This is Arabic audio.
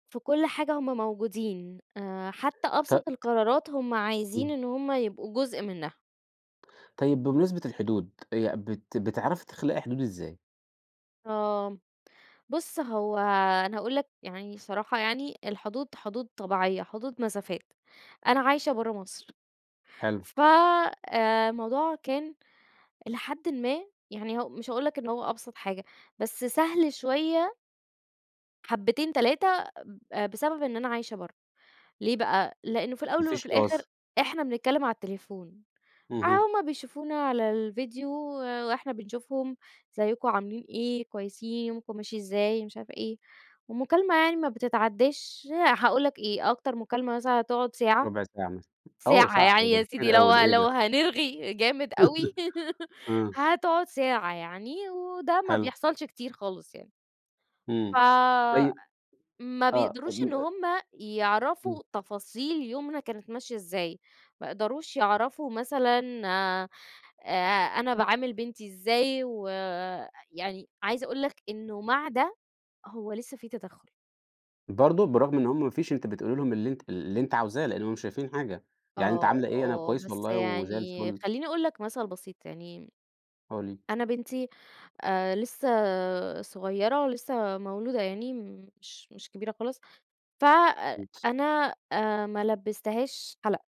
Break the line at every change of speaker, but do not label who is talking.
في كل حاجة هم موجودين، آآ حتى
ط ط
أبسط القرارات هم عايزين
إمم.
إن هم يبقوا جزء منها.
طيب بمناسبة الحدود، يع بت بتعرفي تخلقي حدود إزاي؟
آه، بُص هو أنا هاقول لَك يعني، صراحة يعني، الحدود حدود طبيعية، حدود مسافات. أنا عايشة برّه مصر.
حلو.
ف آآ، الموضوع كان- إلى حدٍّ ما- يعني هو مش هاقول لَك إن هو أبسط حاجة، بس سهل شوية حبتين، تلاتة ب آآ، بسبب إن أنا عايشة برّه. ليه بقى؟ لأن في
ما
الأول
فيش
وفي الآخر
تواصل.
إحنا بنتكلم على التليفون، آآ
اهم.
هم بيشوفونا على الفيديو وإحنا بنشوفهم، أزيكم؟ عاملين إيه؟ كويسين؟ يومكم ماشي إزاي؟ مش عارفة إيه، ومكالمة يعني ما بتتعداش هاقول لَك إيه؟ أكتر مكالمة مثلًا هتقعد ساعة،
ربع ساعة مثلًا، أوه
ساعة
ساعة!
يعني
ده
يا سيدي
كتير أوي،
لو
ده إيه
لو
ده!
هنرغي جامد أوي
إمم.
هتقعد ساعة يعني وده ما
حلو.
بيحصلش كتير خالص يعني. ف
إمم، طيب
ما
آه،
بيقدروش إن
طب [unintelligible]
هم
إمم.
يعرفوا تفاصيل يومنا كانت ماشية إزاي، ما يقدروش يعرفوا مثلًا، آآ، أنا باعامل بنتي إزاي و يعني عايزة أقول لَك إنه مع ده، هو لسه في تدخل.
برضو! برغم إن هم ما فيش أنتِ بتقولي لهم اللي أنتِ اللي أنتِ عاوزاه لأنه مش شايفين حاجة، يعني أنتِ
آه،
عاملة إيه؟ أنا
آه،
كويسة
بس
والله وزي
يعني
الفل.
خليني أقول لَك مثل بسيط يعني،
[unintelligible]
أنا بنتي آآ، لسه صغيرة ولسه مولودة يعني مش مش كبيرة خالص، فَأ
امم.
أنا آآ ما لبستهاش حلق.